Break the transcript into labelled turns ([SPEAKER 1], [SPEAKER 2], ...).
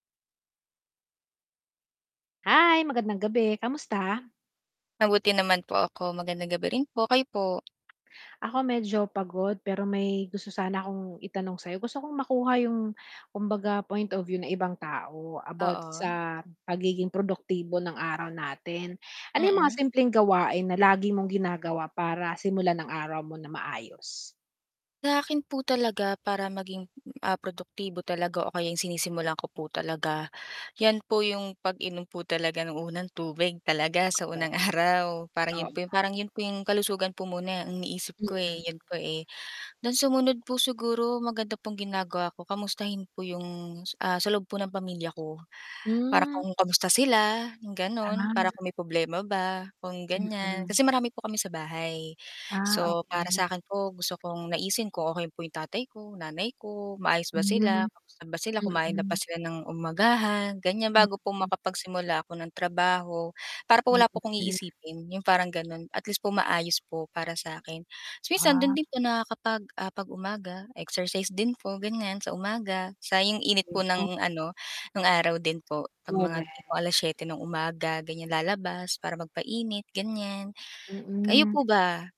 [SPEAKER 1] Hi, magandang gabi. Kamusta?
[SPEAKER 2] Mabuti naman po ako. Magandang gabi rin po, kayo po?
[SPEAKER 1] Ako medyo pagod pero may gusto sana akong itanong sa 'yo. Gusto kong makuha 'yong kumbaga point of view ng ibang tao about
[SPEAKER 2] Oo.
[SPEAKER 1] sa pagiging produktibo ng araw natin. Ano 'yong mga
[SPEAKER 2] Mm.
[SPEAKER 1] simpleng gawain na lagi mong ginagawa para simulan ang araw mo na maayos?
[SPEAKER 2] Sa 'kin po talaga para maging, ah, produktibo talaga o kaya 'yong sinisimulan ko po talaga, 'yan po 'yong pag-inom po talaga ng unang tubig talaga sa
[SPEAKER 1] Korek.
[SPEAKER 2] unang araw. Parang
[SPEAKER 1] Oo
[SPEAKER 2] 'yon po
[SPEAKER 1] nga.
[SPEAKER 2] 'yong parang 'yon po 'yong kalusugan po muna ang iniisip ko, eh,
[SPEAKER 1] Mm.
[SPEAKER 2] 'yon po, eh. Then sumunod po siguro maganda pong ginagawa ko kamustahin po 'yong, ah, sa loob po ng pamilya ko. Para
[SPEAKER 1] Hmm.
[SPEAKER 2] kung kamusta sila 'yong gano'n para
[SPEAKER 1] Ah.
[SPEAKER 2] kung may problema ba, kung ganiyan.
[SPEAKER 1] Mm.
[SPEAKER 2] Kasi marami po kami sa bahay.
[SPEAKER 1] Ah,
[SPEAKER 2] So para
[SPEAKER 1] okey.
[SPEAKER 2] sa akin po gusto kong naisin ko kung okey po 'yong tatay ko, nanay ko, maayos ba
[SPEAKER 1] Hmm.
[SPEAKER 2] sila, kamusta ba sila, kumain na ba
[SPEAKER 1] Mm.
[SPEAKER 2] sila ng umagahan, ganiyan. Bago
[SPEAKER 1] Mm.
[SPEAKER 2] po makapagsimula ako ng trabaho, para po wala po akong
[SPEAKER 1] [unintelligible]
[SPEAKER 2] iisipin, 'yong parang ganon. At least po maayos po para sa akin. Tas minsan
[SPEAKER 1] Ah.
[SPEAKER 2] do'n din po nakakapag ah, pag-umaga, exercise din po, ganiyan sa umaga, sayang 'yong init
[SPEAKER 1] Kaya
[SPEAKER 2] po
[SPEAKER 1] nga.
[SPEAKER 2] ng ano, no'ng araw din po. 'Pag mga
[SPEAKER 1] Korek.
[SPEAKER 2] tipong 7:00 ng umaga ganiyan lalabas para magpainit, ganiyan. Kayo
[SPEAKER 1] Mm.
[SPEAKER 2] po ba?